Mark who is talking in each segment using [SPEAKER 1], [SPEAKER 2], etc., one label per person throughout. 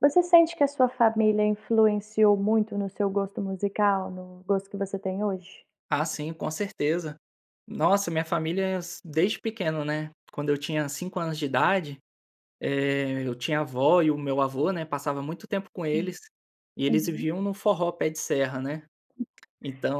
[SPEAKER 1] Você sente que a sua família influenciou muito no seu gosto musical? No gosto que você tem hoje?
[SPEAKER 2] Ah, sim, com certeza. Nossa, minha família é assim desde pequeno, né, quando eu tinha 5 anos de idade, eh, eu tinha avó e o meu avô, né, passava muito tempo com
[SPEAKER 1] Hum.
[SPEAKER 2] eles, e eles
[SPEAKER 1] Uhum.
[SPEAKER 2] viviam no forró pé de serra né.
[SPEAKER 1] Que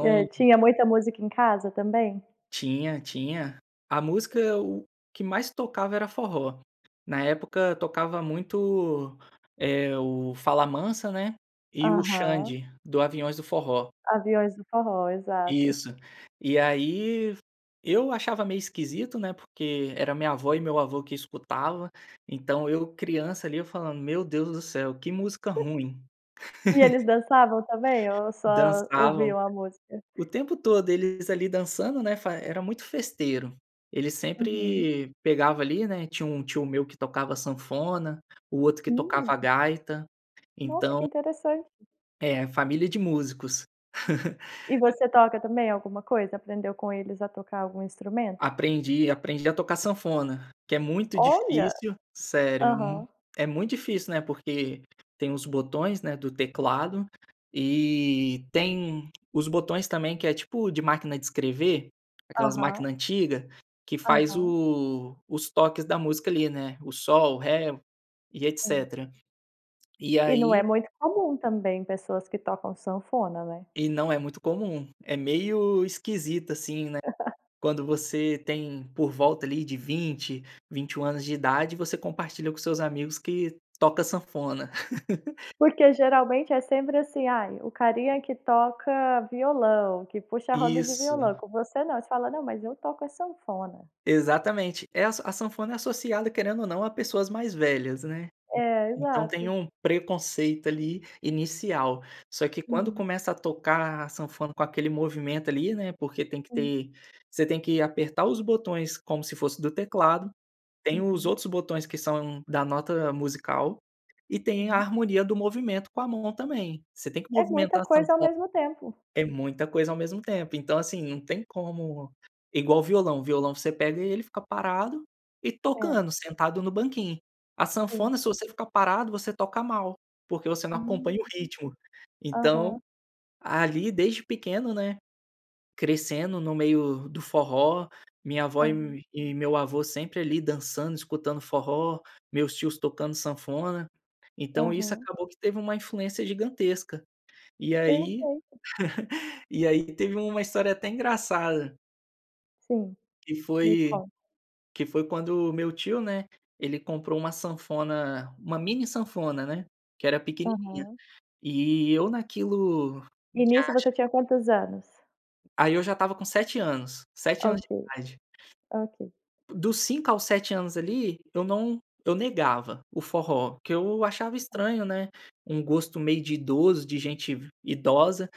[SPEAKER 1] E, eh, tinha muita música em casa também?
[SPEAKER 2] Tinha tinha a
[SPEAKER 1] Uhum.
[SPEAKER 2] música o que mais tocava era forró. Na época tocava muito, eh, o Fala Mansa, né, e o
[SPEAKER 1] Aham.
[SPEAKER 2] Xande, do Aviões do Forró.
[SPEAKER 1] Aviões do forró, exato.
[SPEAKER 2] Isso. E aí, eu achava meio esquisito, né, porque era a minha avó e meu avô que escutava, então, eu criança ali, eu falando: "Meu Deus do céu que música
[SPEAKER 1] Tá.
[SPEAKER 2] ruim".
[SPEAKER 1] E eles dançavam também ou só
[SPEAKER 2] Dançavam,
[SPEAKER 1] ouviam a música?
[SPEAKER 2] o tempo todo eles ali, dançando, né, fa era muito festeiro. Ele
[SPEAKER 1] Uhum.
[SPEAKER 2] sempre pegava ali, né Tinha um tio meu que tocava sanfona, o outro que
[SPEAKER 1] Hum!
[SPEAKER 2] tocava gaita.
[SPEAKER 1] Nossa
[SPEAKER 2] Então
[SPEAKER 1] que interessante!
[SPEAKER 2] É, família de músicos.
[SPEAKER 1] E você toca também alguma coisa? Aprendeu com eles a tocar algum instrumento?
[SPEAKER 2] Aprendi, aprendi a tocar sanfona, que é muito
[SPEAKER 1] Olha!
[SPEAKER 2] difícil. Sério. Hum.
[SPEAKER 1] Aham.
[SPEAKER 2] É muito difícil, né, porque tem os botões, né, do teclado e tem os botões também, que é tipo, de máquina de escrever, aquelas máquina
[SPEAKER 1] Aham.
[SPEAKER 2] antiga, que faz
[SPEAKER 1] Aham.
[SPEAKER 2] o os toques da música ali, né, o sol, o ré e
[SPEAKER 1] Sim.
[SPEAKER 2] etc. E
[SPEAKER 1] E não
[SPEAKER 2] aí
[SPEAKER 1] é muito comum também, pessoas que tocam sanfona, né?
[SPEAKER 2] E não é muito comum, é meio esquisito assim, né, quando você tem por volta ali, de 20, 21 anos de idade, você compartilha com seus amigos que toca sanfona.
[SPEAKER 1] Porque geralmente é sempre assim: "Ai, o carinha que toca violão, que puxa a roda de
[SPEAKER 2] Isso.
[SPEAKER 1] violão". Com você não, você fala: "Não, mas eu toco é sanfona!".
[SPEAKER 2] Exatamente. Essa a sanfona é associada querendo ou não a pessoas mais velhas, né.
[SPEAKER 1] É,
[SPEAKER 2] Então, tem
[SPEAKER 1] exato.
[SPEAKER 2] um preconceito ali, inicial. Só que quando
[SPEAKER 1] Uhum.
[SPEAKER 2] começa a tocar a sanfona, com aquele movimento ali, né porque tem que
[SPEAKER 1] Hum.
[SPEAKER 2] ter, você tem que apertar os botões como se fosse do teclado. Tem os
[SPEAKER 1] Uhum.
[SPEAKER 2] outros botões que são da nota musical e tem a
[SPEAKER 1] Hum.
[SPEAKER 2] harmonia do movimento com a mão também. Você tem que
[SPEAKER 1] É muita
[SPEAKER 2] movimentar a
[SPEAKER 1] coisa ao
[SPEAKER 2] sanfona.
[SPEAKER 1] mesmo tempo!
[SPEAKER 2] É muita coisa ao mesmo tempo. Então assim, não tem como Igual violão, o violão você pega ele, fica parado e
[SPEAKER 1] É.
[SPEAKER 2] tocando, sentado no banquinho. A
[SPEAKER 1] Sei.
[SPEAKER 2] sanfona se você ficar parado, você toca mal, porque você não acompanha o
[SPEAKER 1] Ah!
[SPEAKER 2] ritmo. Então,
[SPEAKER 1] Aham.
[SPEAKER 2] ali desde pequeno, né, crescendo no meio do forró, minha avó e o
[SPEAKER 1] Aham.
[SPEAKER 2] e e meu avô sempre, ali dançando escutando forró, meus tios tocando sanfona, então, isso
[SPEAKER 1] Aham.
[SPEAKER 2] acabou que teve uma influência gigantesca. E aí
[SPEAKER 1] Perfeito.
[SPEAKER 2] e aí, teve uma história até engraçada
[SPEAKER 1] Sim.
[SPEAKER 2] que
[SPEAKER 1] Me
[SPEAKER 2] foi
[SPEAKER 1] conta.
[SPEAKER 2] que foi quando o meu tio, né, ele comprou uma sanfona, uma mini sanfona, né, que era pequenininha.
[SPEAKER 1] Aham.
[SPEAKER 2] E eu naquilo
[SPEAKER 1] E
[SPEAKER 2] que
[SPEAKER 1] nisso você
[SPEAKER 2] acha
[SPEAKER 1] tinha quantos anos?
[SPEAKER 2] Aí, eu já estava com 7 anos, 7 anos
[SPEAKER 1] Ok,
[SPEAKER 2] de idade.
[SPEAKER 1] ok.
[SPEAKER 2] Dos 5 aos 7 anos ali, eu não eu negava o forró, que eu achava estranho, né, um gosto meio de idoso, de gente ve idosa.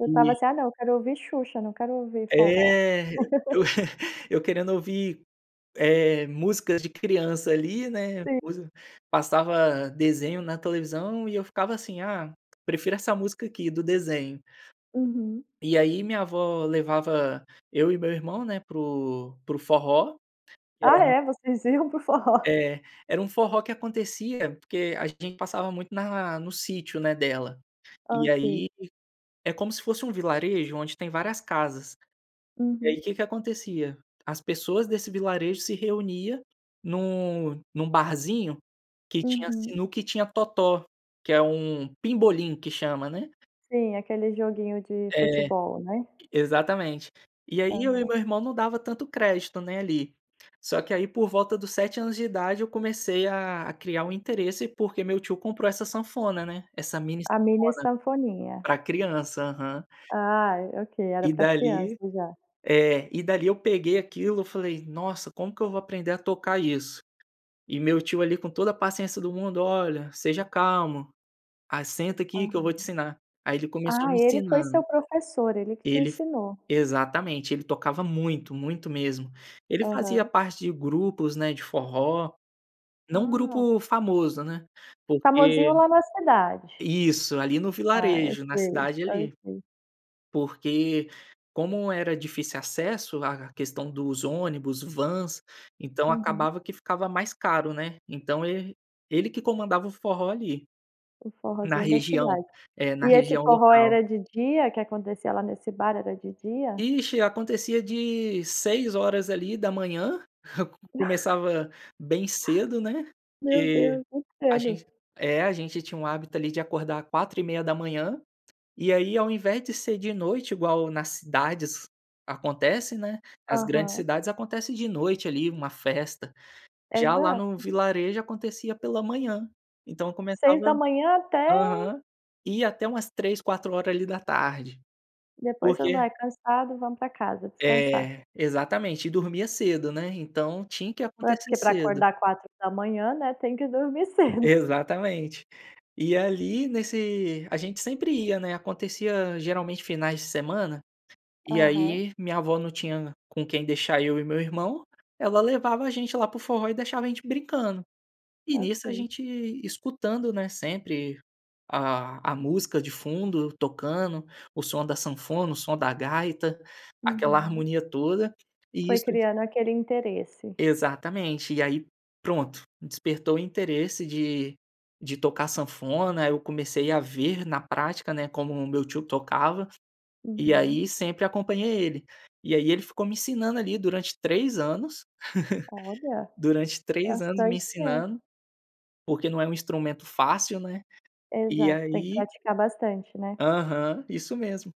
[SPEAKER 1] Eu estava
[SPEAKER 2] E
[SPEAKER 1] assim: "Ah, não! Eu quero ouvir Xuxa, não quero ouvir forró".
[SPEAKER 2] É! Eu eu querendo ouvir, eh, músicas de criança ali, né,
[SPEAKER 1] Sim.
[SPEAKER 2] coisa passava desenho na televisão e eu ficava assim: "Ah, prefiro essa música aqui, do desenho".
[SPEAKER 1] Uhum.
[SPEAKER 2] E aí, minha avó levava eu e meu irmão, né, para o para o forró, que era
[SPEAKER 1] Ah é? Vocês iam para o forró?
[SPEAKER 2] É. Era um forró que acontecia porque a gente passava muito na no sítio, né, dela. E aí,
[SPEAKER 1] Ok.
[SPEAKER 2] é como se fosse um vilarejo onde tem várias casas. E aí,
[SPEAKER 1] Uhum.
[SPEAKER 2] o que que acontecia? As pessoas desse vilarejo se reunia num num barzinho que tinha
[SPEAKER 1] Uhum.
[SPEAKER 2] sinuca e tinha totó que é um pimbolim que chama, né?
[SPEAKER 1] Sim, aquele joguinho de
[SPEAKER 2] É,
[SPEAKER 1] futebol, né?
[SPEAKER 2] exatamente. E aí, eu e
[SPEAKER 1] Aham.
[SPEAKER 2] meu irmão não dava tanto crédito né, ali. Só que aí, por volta dos 7 anos de idade eu comecei a a criar um interesse porque meu tio comprou essa sanfona, né, essa mini
[SPEAKER 1] A
[SPEAKER 2] sanfona.
[SPEAKER 1] mini sanfoninha.
[SPEAKER 2] Pra criança, aham.
[SPEAKER 1] Ai, ok! Era
[SPEAKER 2] E
[SPEAKER 1] pra criança,
[SPEAKER 2] dali,
[SPEAKER 1] já.
[SPEAKER 2] eh, e dali eu peguei aquilo, eu falei: "Nossa, como que eu vou aprender a tocar isso? E meu tio ali, com toda a paciência do mundo: "Olha, seja calmo, a senta aqui que eu vou
[SPEAKER 1] Aham.
[SPEAKER 2] te ensinar. Aí, ele começou a
[SPEAKER 1] Ah,
[SPEAKER 2] me
[SPEAKER 1] ele foi
[SPEAKER 2] ensinan
[SPEAKER 1] seu professor, ele que te
[SPEAKER 2] Ele
[SPEAKER 1] ensinou.
[SPEAKER 2] Exatamente, ele tocava muito, muito mesmo! Ele fazia
[SPEAKER 1] Aham.
[SPEAKER 2] parte de grupos, né, de forró. Não
[SPEAKER 1] Ah!
[SPEAKER 2] grupo famoso, né, porque
[SPEAKER 1] Famosinho lá na cidade.
[SPEAKER 2] Isso, ali no
[SPEAKER 1] Ah, eu
[SPEAKER 2] vilarejo, na
[SPEAKER 1] sei,
[SPEAKER 2] cidade ali.
[SPEAKER 1] ok.
[SPEAKER 2] Porque como era difícil acesso lá a questão dos ônibus, vans, então,
[SPEAKER 1] Uhum.
[SPEAKER 2] acabava que ficava mais caro, né. Então, ele ele que comandava o forró ali,
[SPEAKER 1] O
[SPEAKER 2] na
[SPEAKER 1] forrózinho da
[SPEAKER 2] região.
[SPEAKER 1] cidade.
[SPEAKER 2] É, na
[SPEAKER 1] E esse
[SPEAKER 2] região
[SPEAKER 1] forró
[SPEAKER 2] local.
[SPEAKER 1] era de dia? Que acontecia lá nesse bar? Era de dia?
[SPEAKER 2] Ixe e acontecia de 6h ali, da manhã, começava bem cedo, né.
[SPEAKER 1] Meu
[SPEAKER 2] Que
[SPEAKER 1] Deus! Muito
[SPEAKER 2] a
[SPEAKER 1] cedo!
[SPEAKER 2] gen é a gente tinha o hábito ali, de acordar 4h30 e aí, ao invés de ser de noite igual nas cidades acontece, né. Nas grandes
[SPEAKER 1] Aham.
[SPEAKER 2] cidades acontecem de noite ali, uma festa. Já, lá no
[SPEAKER 1] Exato.
[SPEAKER 2] vilarejo acontecia pela manhã, então
[SPEAKER 1] 6 da
[SPEAKER 2] começava
[SPEAKER 1] manhã até
[SPEAKER 2] Aham. Ia até umas 15h, 16h ali, da tarde.
[SPEAKER 1] Depois todo mundo,
[SPEAKER 2] Porque
[SPEAKER 1] eh, cansado: "Vamos pra casa, descansar".
[SPEAKER 2] É, exatamente. E dormia cedo, né. Então, tinha que
[SPEAKER 1] Ué,
[SPEAKER 2] acontecer
[SPEAKER 1] porque pra
[SPEAKER 2] cedo.
[SPEAKER 1] acordar 4h00 da manhã, né, tem que dormir cedo!
[SPEAKER 2] Exatamente. E ali nesse a gente sempre ia, né, acontecia geralmente finais de semana e
[SPEAKER 1] Aham.
[SPEAKER 2] aí, minha avó não tinha com quem deixar eu e meu irmão, ela levava a gente lá para o forró e deixava a gente brincando. E nisso a
[SPEAKER 1] Ok.
[SPEAKER 2] gente escutando, né, sempre a a música de fundo tocando, o som da sanfona, o som da gaita, aquela
[SPEAKER 1] Uhum.
[SPEAKER 2] harmonia toda. E
[SPEAKER 1] Foi
[SPEAKER 2] isso
[SPEAKER 1] criando aquele interesse.
[SPEAKER 2] Exatamente. E aí pronto, despertou o interesse de de tocar sanfona, eu comecei a ver na prática, né, como o meu tio tocava. E
[SPEAKER 1] Uhum.
[SPEAKER 2] aí, sempre acompanhei ele. E aí, ele ficou me ensinando ali, durante 3 anos
[SPEAKER 1] Olha!
[SPEAKER 2] durante 3 anos me
[SPEAKER 1] Bastante
[SPEAKER 2] ensinando,
[SPEAKER 1] tempo.
[SPEAKER 2] porque não é um instrumento fácil, né, e
[SPEAKER 1] Exato, tem que
[SPEAKER 2] aí
[SPEAKER 1] praticar bastante, né?
[SPEAKER 2] Aham, isso mesmo.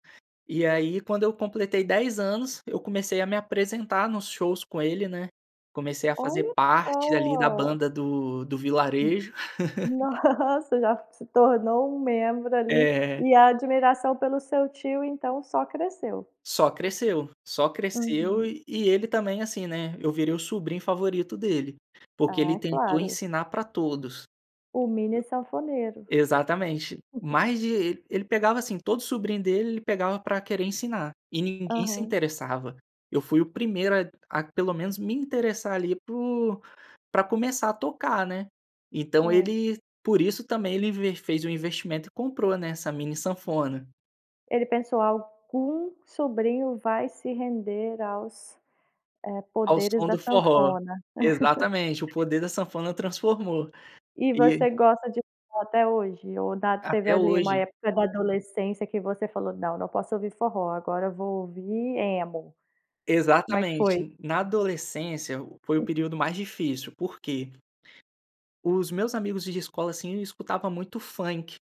[SPEAKER 2] E aí, quando eu completei 10 anos, eu comecei a me apresentar nos shows com ele, né, comecei a fazer
[SPEAKER 1] Olha
[SPEAKER 2] parte dali, da
[SPEAKER 1] só!
[SPEAKER 2] banda do do
[SPEAKER 1] Hum,
[SPEAKER 2] Vilarejo.
[SPEAKER 1] nossa! Já se tornou um membro ali,
[SPEAKER 2] É.
[SPEAKER 1] e a admiração pelo seu tio, então, só cresceu.
[SPEAKER 2] Só cresceu. Só cresceu
[SPEAKER 1] Uhum.
[SPEAKER 2] e e ele também, assim, né, eu virei o sobrinho favorito dele. Porque ele
[SPEAKER 1] Ah,
[SPEAKER 2] tentou
[SPEAKER 1] claro.
[SPEAKER 2] ensinar pra todos.
[SPEAKER 1] Um mini sanfoneiro.
[SPEAKER 2] Exata exatamente.
[SPEAKER 1] Uhum.
[SPEAKER 2] Mais de ele pegava assim, todo sobrinho dele, ele pegava pra querer ensinar e ninguém se
[SPEAKER 1] Aham.
[SPEAKER 2] interessava. Eu fui o primeiro a a pelo menos me interessar ali, por pra começar a tocar, né. Então,
[SPEAKER 1] É.
[SPEAKER 2] ele por isso também ele inve fez um investimento e comprou, né, essa mini sanfona.
[SPEAKER 1] Ele pensou: "Algum sobrinho vai se render aos, eh,
[SPEAKER 2] Ao
[SPEAKER 1] poderes
[SPEAKER 2] som
[SPEAKER 1] da
[SPEAKER 2] do forró.
[SPEAKER 1] sanfona".
[SPEAKER 2] Exatamente, o poder da sanfona transformou.
[SPEAKER 1] E
[SPEAKER 2] E
[SPEAKER 1] você gosta de forró até hoje? Ou da teve
[SPEAKER 2] Até
[SPEAKER 1] ali, uma
[SPEAKER 2] hoje.
[SPEAKER 1] época da adolescência que você falou: "Não não posso ouvir forró agora, vou ouvir emo". Como é que foi?
[SPEAKER 2] Exatamente, na adolescência foi o
[SPEAKER 1] Tá.
[SPEAKER 2] período mais difícil, por quê? Os meus amigos de escola, assim, escutavam muito funk.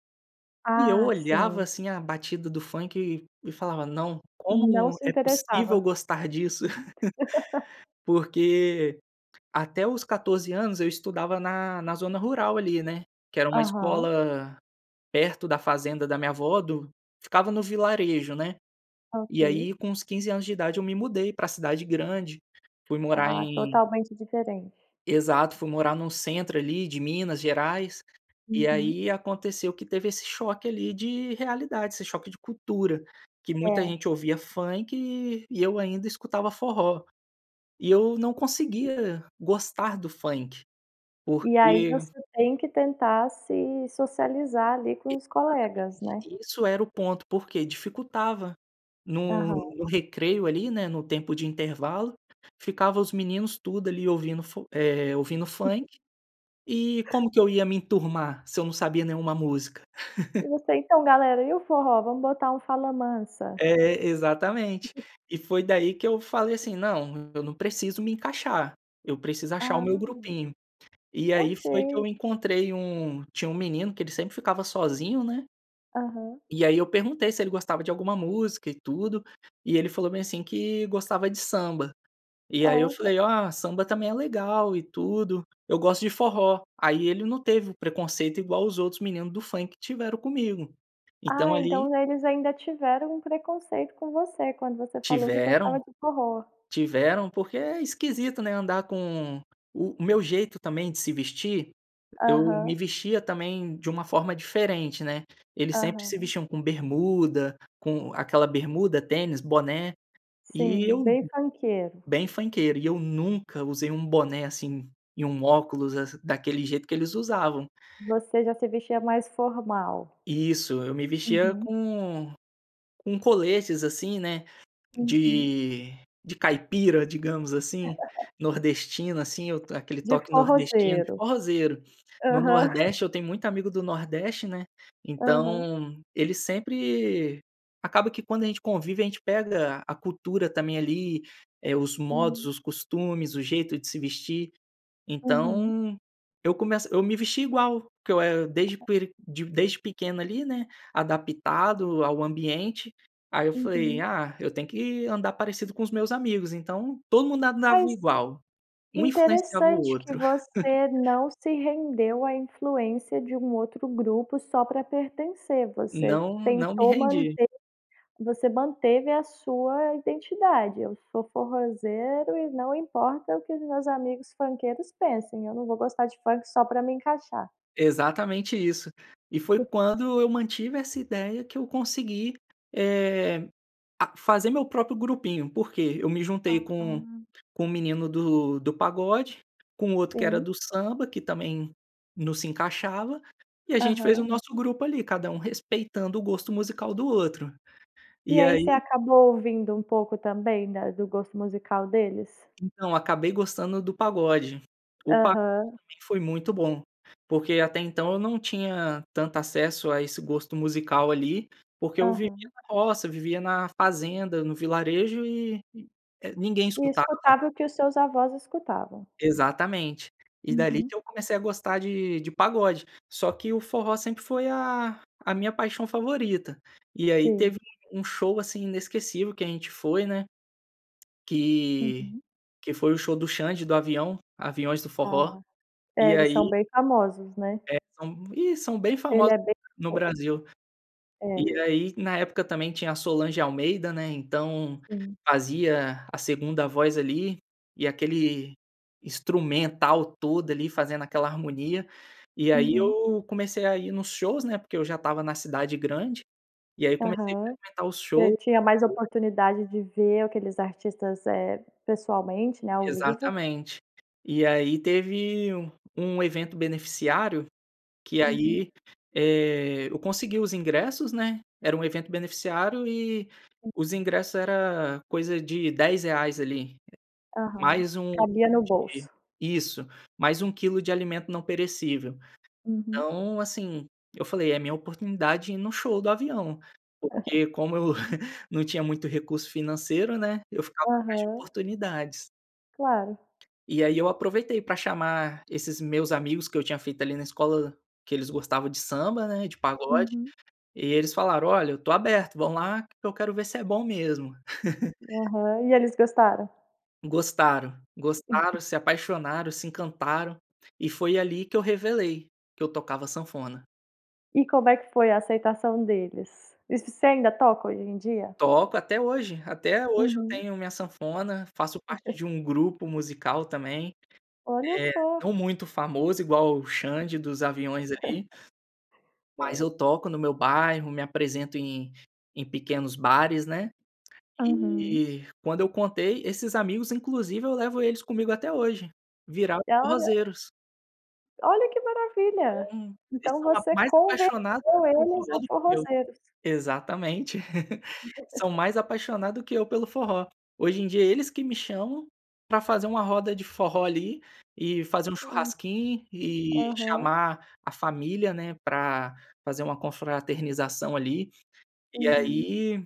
[SPEAKER 2] E eu
[SPEAKER 1] Ah,
[SPEAKER 2] olhava
[SPEAKER 1] sim.
[SPEAKER 2] assim, a batida do funk e e falava: "Não,
[SPEAKER 1] Não
[SPEAKER 2] como
[SPEAKER 1] se
[SPEAKER 2] é possível
[SPEAKER 1] interessava.
[SPEAKER 2] gostar disso?”. Porque até os 14 anos eu estudava na na zona rural ali, né, que era uma
[SPEAKER 1] Aham.
[SPEAKER 2] escola perto da fazenda da minha vó do ficava no vilarejo, né, e
[SPEAKER 1] Ok.
[SPEAKER 2] aí, com uns 15 anos de idade eu me mudei pra cidade grande, fui morar
[SPEAKER 1] Ah,
[SPEAKER 2] em
[SPEAKER 1] totalmente diferente.
[SPEAKER 2] Exato. Fui morar num centro ali, de Minas Gerais. E
[SPEAKER 1] Uhum.
[SPEAKER 2] aí, aconteceu que teve esse choque ali, de realidade, esse choque de cultura, que muita gente
[SPEAKER 1] É.
[SPEAKER 2] ouvia funk e eu ainda escutava forró. E eu não
[SPEAKER 1] E
[SPEAKER 2] conseguia gostar do funk,
[SPEAKER 1] e aí,
[SPEAKER 2] porque
[SPEAKER 1] você tem que tentar se socializar ali,
[SPEAKER 2] E
[SPEAKER 1] com os
[SPEAKER 2] claro,
[SPEAKER 1] colegas,
[SPEAKER 2] mas
[SPEAKER 1] né?
[SPEAKER 2] enfim, isso era o ponto, porque dificultava, no
[SPEAKER 1] Aham.
[SPEAKER 2] no recreio ali, né, no tempo de intervalo, ficava os meninos tudo ali, ouvindo fo eh, ouvindo funk
[SPEAKER 1] Aham.
[SPEAKER 2] e como que eu ia me enturmar se eu não sabia nenhuma música?
[SPEAKER 1] E você: "Então galera, e o forró? Vamos botar um Fala Mansa".
[SPEAKER 2] É exatamente.
[SPEAKER 1] Uhum.
[SPEAKER 2] E foi daí que eu falei assim: "Não, eu não preciso me encaixar, eu preciso achar o meu
[SPEAKER 1] Ah!
[SPEAKER 2] grupinho". E aí, foi que eu
[SPEAKER 1] Ok.
[SPEAKER 2] encontrei um tinha um menino que ele sempre ficava sozinho, né
[SPEAKER 1] Aham.
[SPEAKER 2] e aí eu perguntei se ele gostava de alguma música e tudo, e ele falou bem assim, que gostava de samba. E aí eu
[SPEAKER 1] Olha!
[SPEAKER 2] falei: "Ah, samba também é legal e tudo. Eu gosto de forró". Aí ele não teve preconceito igual os outros meninos do funk tiveram comigo. Então,
[SPEAKER 1] Ah,
[SPEAKER 2] ali
[SPEAKER 1] então, né, eles ainda tiveram um preconceito com você, quando você falou que
[SPEAKER 2] Tiveram,
[SPEAKER 1] gostava de forró.
[SPEAKER 2] tiveram. Porque é esquisito, né, andar com O o meu jeito também de se vestir eu me
[SPEAKER 1] Aham.
[SPEAKER 2] vestia também de uma forma diferente, né. Eles sempre se
[SPEAKER 1] Aham.
[SPEAKER 2] vestiam com bermuda com aquela bermuda, tênis, boné. E
[SPEAKER 1] Sim,
[SPEAKER 2] eu
[SPEAKER 1] bem funkeiro.
[SPEAKER 2] Bem funkeiro e eu nunca usei um boné assim, e um óculos assim, daquele jeito que eles usavam.
[SPEAKER 1] Voce já se vestia mais formal.
[SPEAKER 2] Isso, eu me vestia
[SPEAKER 1] Uhum.
[SPEAKER 2] com com coletes, assim, né,
[SPEAKER 1] Uhum.
[SPEAKER 2] de de caipira, digamos assim, nordestino assim, aquele
[SPEAKER 1] De
[SPEAKER 2] toque nordestino de
[SPEAKER 1] forrozeiro.
[SPEAKER 2] forrozeiro. No
[SPEAKER 1] Aham.
[SPEAKER 2] nordeste eu tenho muito amigo do nordeste, né,
[SPEAKER 1] Aham.
[SPEAKER 2] então, ele sempre acaba que quando a gente convive, a gente pega a cultura também, ali, eh, os modos,
[SPEAKER 1] Sim.
[SPEAKER 2] os costumes, o jeito de se vestir.
[SPEAKER 1] Uhum.
[SPEAKER 2] Então, eu começo eu me vestia igual, porque eu era desde
[SPEAKER 1] Aham.
[SPEAKER 2] peri di desde pequeno ali né, adaptado ao ambiente, aí eu falei:
[SPEAKER 1] Uhum.
[SPEAKER 2] "Ah, eu tenho que andar parecido com os meus amigos". Então, todo mundo andava
[SPEAKER 1] Mas
[SPEAKER 2] igual. Um influenciava o
[SPEAKER 1] interessante que
[SPEAKER 2] outro.
[SPEAKER 1] você não se rendeu a influência de um outro grupo só pra pertencer. Você
[SPEAKER 2] Não, não me
[SPEAKER 1] tentou
[SPEAKER 2] rendi.
[SPEAKER 1] manter você manteve a sua identidade: "Eu sou forrózeiro e não importa o que os meus amigos funkeiros pensem, eu não vou gostar de funk só pra me encaixar".
[SPEAKER 2] Exatamente isso. E foi quando eu mantive essa ideia que eu consegui, eh, a fazer meu próprio grupinho. Por quê? Eu me juntei com
[SPEAKER 1] Ah.
[SPEAKER 2] com o menino do do pagode, com o outro que era
[SPEAKER 1] Sim.
[SPEAKER 2] do samba, que também não se encaixava, e a gente fez o
[SPEAKER 1] Aham.
[SPEAKER 2] nosso grupo ali. Cada um respeitando o gosto musical do outro.
[SPEAKER 1] E
[SPEAKER 2] E
[SPEAKER 1] aí você
[SPEAKER 2] aí
[SPEAKER 1] acabou ouvindo, um pouco também da do gosto musical deles?
[SPEAKER 2] Então eu acabei gostando do pagode. O pagode
[SPEAKER 1] Aham.
[SPEAKER 2] pra mim foi muito bom, porque até então eu não tinha tanto acesso a esse gosto musical ali, porque eu vivia
[SPEAKER 1] Aham.
[SPEAKER 2] na roça, eu vivia na fazenda, no vilarejo e, é ninguém
[SPEAKER 1] E
[SPEAKER 2] escutava.
[SPEAKER 1] escutava o que os seus avós escutavam.
[SPEAKER 2] Exatamente. E dali
[SPEAKER 1] Uhum.
[SPEAKER 2] que eu comecei a gostar de de pagode, só que o forró sempre foi a a minha paixão favorita. E aí
[SPEAKER 1] Sei.
[SPEAKER 2] teve um show, assim, inesquecível que a gente foi, né, que,
[SPEAKER 1] Uhum.
[SPEAKER 2] que foi o show do Xand do Avião, Aviões do forró.
[SPEAKER 1] Ah. É
[SPEAKER 2] E
[SPEAKER 1] eles são
[SPEAKER 2] aí
[SPEAKER 1] bem famosos, né?
[SPEAKER 2] é, são, ih, são bem
[SPEAKER 1] Ele
[SPEAKER 2] famosos
[SPEAKER 1] é bem
[SPEAKER 2] no
[SPEAKER 1] famoso.
[SPEAKER 2] Brasil.
[SPEAKER 1] É.
[SPEAKER 2] E aí na época também tinha a Solange Almeida, né. Então
[SPEAKER 1] Sim.
[SPEAKER 2] fazia a segunda voz ali e aquele instrumental todo ali, fazendo aquela harmonia. E aí
[SPEAKER 1] Uhum.
[SPEAKER 2] eu comecei a ir nos shows, né, porque eu já estava na cidade grande e aí comecei
[SPEAKER 1] Aham.
[SPEAKER 2] frequentar os
[SPEAKER 1] Você
[SPEAKER 2] show.
[SPEAKER 1] tinha mais
[SPEAKER 2] [unintelligible]
[SPEAKER 1] oportunidade de ver aqueles artistas, eh, pessoalmente, né, ao vivo.
[SPEAKER 2] Exatamente. E aí teve um um evento beneficiário, que
[SPEAKER 1] Uhum.
[SPEAKER 2] aí, eh, eu consegui os ingressos, né. Era um evento beneficiário e
[SPEAKER 1] Hum.
[SPEAKER 2] os ingressos era coisa de R$10 ali,
[SPEAKER 1] Aham.
[SPEAKER 2] mais 1
[SPEAKER 1] Cabia
[SPEAKER 2] quilo
[SPEAKER 1] no
[SPEAKER 2] de
[SPEAKER 1] bolso.
[SPEAKER 2] isso, mais 1 quilo de alimento não perecível.
[SPEAKER 1] Uhum.
[SPEAKER 2] Então, assim, eu falei: "É a minha oportunidade de ir no show do Avião". Porque como eu não tinha muito recurso financeiro, né, eu ficava atrás de
[SPEAKER 1] Aham.
[SPEAKER 2] oportunidades.
[SPEAKER 1] Claro.
[SPEAKER 2] E aí eu aproveitei pra chamar esses meus amigos que eu tinha feito ali na escola, que eles gostavam de samba, né, de pagode.
[SPEAKER 1] Uhum.
[SPEAKER 2] E eles falaram, olha, eu estou aberto, vamos lá que eu quero ver se é bom mesmo.
[SPEAKER 1] Aham. E eles gostaram?
[SPEAKER 2] Gostaram, gostaram, se apaixonaram, se encantaram. E foi ali que eu revelei, que eu tocava sanfona.
[SPEAKER 1] E como é que foi a aceitação deles? Isso, você ainda toca hoje em dia?
[SPEAKER 2] Toco até hoje. Até hoje eu
[SPEAKER 1] Uhum.
[SPEAKER 2] tenho minha sanfona, faço parte de um grupo musical também.
[SPEAKER 1] Olha
[SPEAKER 2] Eh,
[SPEAKER 1] só.
[SPEAKER 2] não muito famoso igual o Xand dos Aviões, ali mas
[SPEAKER 1] Hã.
[SPEAKER 2] eu toco no meu bairro, me apresento em em pequenos bares, né.
[SPEAKER 1] Uhum.
[SPEAKER 2] E quando eu contei, esses amigos, inclusive, eu levo eles comigo até hoje. Viraram
[SPEAKER 1] E olha
[SPEAKER 2] forrozeiros.
[SPEAKER 1] Olha, que maravilha.
[SPEAKER 2] Então, eles
[SPEAKER 1] Então
[SPEAKER 2] são a
[SPEAKER 1] você
[SPEAKER 2] mais apaixonados
[SPEAKER 1] converteu
[SPEAKER 2] pelo
[SPEAKER 1] eles a
[SPEAKER 2] forró do que eu.
[SPEAKER 1] forrozeiros.
[SPEAKER 2] Exatamente. São mais apaixonado que eu pelo forró. Hoje em dia é eles que me chamam pra fazer uma roda de forró, ali, e fazer um
[SPEAKER 1] Hum.
[SPEAKER 2] churrasquinho e
[SPEAKER 1] Aham.
[SPEAKER 2] chamar a família, né, pra fazer uma confraternização, ali. E
[SPEAKER 1] Uhum.
[SPEAKER 2] aí,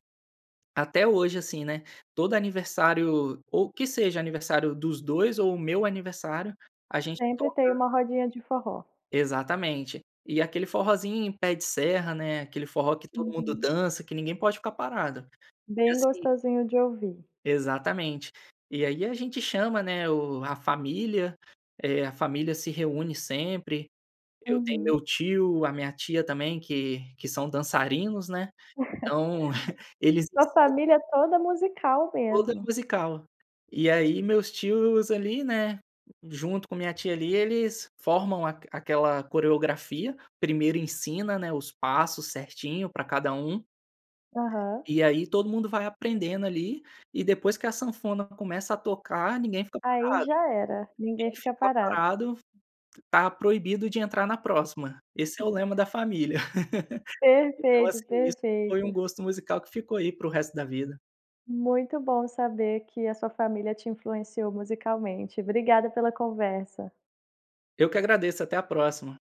[SPEAKER 2] até hoje, assim, né, todo aniversário, ou que seja, aniversário dos 2 ou o meu aniversário, a gente
[SPEAKER 1] Sempre tem
[SPEAKER 2] toca
[SPEAKER 1] uma rodinha de forró.
[SPEAKER 2] Exatamente. E aquele forrozinho pé de serra, né, aquele forró que todo mundo
[SPEAKER 1] Uhum.
[SPEAKER 2] dança, que ninguém pode ficar parado. E
[SPEAKER 1] Bem
[SPEAKER 2] assim
[SPEAKER 1] gostosinho de ouvir.
[SPEAKER 2] Exatamente. E aí a gente chama, né, o a família, eh, a família se reúne sempre. Eu tenho meu
[SPEAKER 1] Uhum.
[SPEAKER 2] tio, a minha tia também, que que são dançarinos, né. Então, eles
[SPEAKER 1] Sua
[SPEAKER 2] ensinam
[SPEAKER 1] família toda musical
[SPEAKER 2] Toda
[SPEAKER 1] mesmo.
[SPEAKER 2] musical. E aí meus tios, ali, né, junto com a minha tia, ali, eles formam aq aquela coreografia. Primeiro ensina, né, os passos certinho pra cada um
[SPEAKER 1] Aham.
[SPEAKER 2] e aí todo mundo vai aprendendo ali, e depois que a sanfona começa a tocar, ninguém fica
[SPEAKER 1] Aí
[SPEAKER 2] parado.
[SPEAKER 1] já era,
[SPEAKER 2] Ninguém
[SPEAKER 1] ninguém fica
[SPEAKER 2] fica
[SPEAKER 1] parado.
[SPEAKER 2] parado. Tá proibido de entrar na próxima, esse é o lema da família. Então
[SPEAKER 1] Perfeito,
[SPEAKER 2] assim, isso foi um
[SPEAKER 1] perfeito.
[SPEAKER 2] gosto musical que ficou aí, para o resto da vida.
[SPEAKER 1] Muito bom saber que a sua família te influenciou musicalmente. Obrigada pela conversa.
[SPEAKER 2] Eu que agradeço, até a próxima.